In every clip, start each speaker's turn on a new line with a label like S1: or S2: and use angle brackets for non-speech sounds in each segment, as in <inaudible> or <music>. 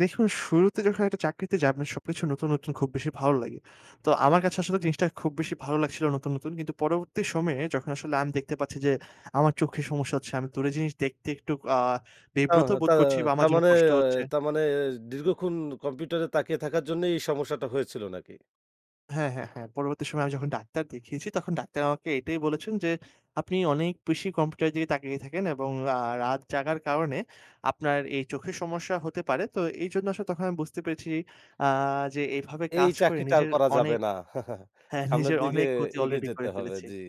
S1: দেখুন, শুরুতে যখন একটা চাকরিতে যান সবকিছু নতুন, নতুন, খুব বেশি ভালো লাগে। তো আমার কাছে আসলে জিনিসটা খুব বেশি ভালো লাগছিলো নতুন, নতুন। কিন্তু পরবর্তী সময়ে যখন আসলে আমি দেখতে পাচ্ছি যে আমার চোখে সমস্যা হচ্ছে, আমি দূরের জিনিস দেখতে একটু আ
S2: ও
S1: বিব্রত
S2: তা
S1: বোধ করছি বা আমার
S2: তার
S1: জন্য
S2: মানে
S1: কষ্ট হচ্ছে।
S2: তার মানে দীর্ঘক্ষণ কম্পিউটারে তাকিয়ে থাকার জন্যই এই সমস্যাটা হয়েছিল নাকি?
S1: হ্যাঁ, হ্যাঁ, হ্যাঁ, পরবর্তী সময় যখন ডাক্তার দেখিয়েছি তখন ডাক্তার আমাকে এটাই বলেছেন যে, "আপনি অনেক বেশি কম্পিউটারের দিকে তাকিয়ে থাকেন এবং আ রাত জাগার কারণে আপনার এই চোখের সমস্যা হতে পারে।" তো এইজন্য আসলে তখন আমি বুঝতে পেরেছি আ যে এভাবে
S2: এই
S1: কাজ করে
S2: চাকরিটা আর
S1: নিজের
S2: করা যাবে
S1: অনেক
S2: না। <chuckles>
S1: হ্যাঁ
S2: সামনের
S1: নিজের
S2: দিকে
S1: অনেক ক্ষতি
S2: এগিয়ে
S1: অলরেডি
S2: যেতে
S1: করে
S2: হবে
S1: ফেলেছি।
S2: জি,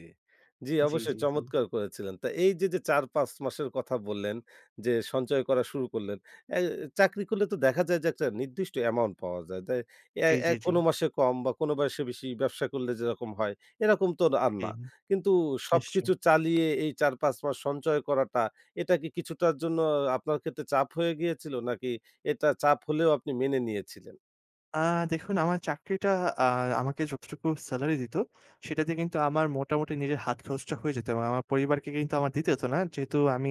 S2: জি,
S1: জি,
S2: অবশ্যই
S1: জি, জি।
S2: চমৎকার করেছিলেন। তো এইযে যে ৪-৫ মাসের কথা বললেন যে সঞ্চয় করা শুরু করলেন। এ চাকরি করলে তো দেখা যায় যে একটা নির্দিষ্ট অ্যামাউন্ট পাওয়া যায়। দ্যা অ্যা
S1: জি,
S2: অ্যা
S1: জি, জি।
S2: কোনো মাসে কম বা কোনো বয়সে বেশি ব্যবসা করলে যেরকম হয়, এরকম তো আর
S1: জি,
S2: না। কিন্তু
S1: নিশ্চয়ই।
S2: সবকিছু চালিয়ে এই ৪-৫ মাস সঞ্চয় করাটা এটা কি কিছুটার জন্য আপনার ক্ষেত্রে চাপ হয়ে গিয়েছিল নাকি এটা চাপ হলেও আপনি মেনে নিয়েছিলেন?
S1: আ দেখুন আমার চাকরিটা আ আমাকে যতটুকু সেলারি দিত, সেটাতে কিন্তু আমার মোটামুটি নিজের হাত খরচটা হয়ে যেত এবং আমার পরিবারকে কিন্তু আমার দিতে হত না। যেহেতু আমি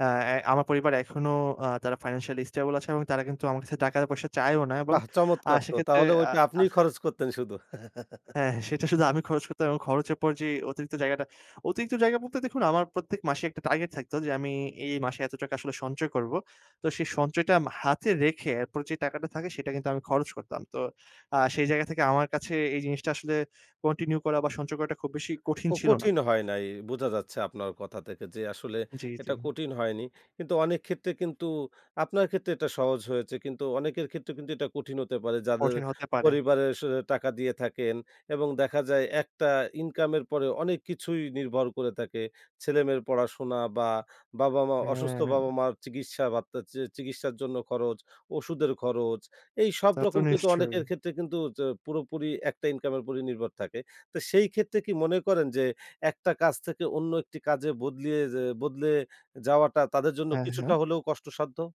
S1: অ্যা এ আমার পরিবার এখনো আ তারা ফাইন্যান্সিয়ালই স্টেবল আছে এবং তারা কিন্তু আমার কাছে টাকা-পয়সা চায়ও না এবং
S2: বাহ!
S1: আ
S2: চমৎকার তো
S1: সেক্ষেত্রে
S2: তাহলে
S1: আ
S2: ওইটা আপনিই
S1: আহ
S2: খরচ করতেন শুধু। <chuckles>
S1: হ্যাঁ। সেটা শুধু আমি খরচ করতাম এবং খরচের পর যে অতিরিক্ত জায়গাটা অতিরিক্ত জায়গা বলতে, দেখুন আমার প্রত্যেক মাসে একটা টার্গেট থাকতো যে আমি এই মাসে এত টাকা আসলে সঞ্চয় করব। তো সেই সঞ্চয়টা মা আমি হাতে রেখে এরপর যে টাকাটা থাকে সেটা কিন্তু আমি খরচ করতাম। তো আ সেই জায়গা থেকে আমার কাছে এই জিনিসটা আসলে কন্টিনিউ করা বা সঞ্চয় করাটা খুব বেশি কঠিন
S2: কো
S1: ছিল না।
S2: কঠিন হয় নাই। বোঝা যাচ্ছে আপনার কথা থেকে যে আসলে
S1: জি, জি।
S2: এটা কঠিন হয়নি। কিন্তু অনেক ক্ষেত্রে কিন্তু আপনার ক্ষেত্রে এটা সহজ হয়েছে। কিন্তু অনেকের ক্ষেত্রে কিন্তু এটা কঠিন হতে পারে যাদের
S1: কঠিন হতে পারে।
S2: পরিবারে স টাকা দিয়ে থাকেন এবং দেখা যায় একটা ইনকাম এর পরে অনেক কিছুই নির্ভর করে থাকে। ছেলে-মেয়ের পড়াশোনা বা বাবা-মা অসুস্থ
S1: হ্যাঁ।
S2: বাবা-মার চিকিৎসা বার্তা চি চিকিৎসার জন্য খরচ, ওষুধের খরচ এই সব
S1: তা তো
S2: রকম কিন্তু অনেকের
S1: নিশ্চয়ই।
S2: ক্ষেত্রে কিন্তু তো হচ্ছে পুরোপুরি একটা ইনকাম এর উপর নির্ভর থাকে। তো সেই ক্ষেত্রে কি মনে করেন যে একটা কাজ থেকে অন্য একটি কাজে বদলিয়ে যে বদলে যাওয়াটা তাদের জন্য
S1: হ্যাঁ, হ্যাঁ।
S2: কিছুটা হলেও কষ্টসাধ্য?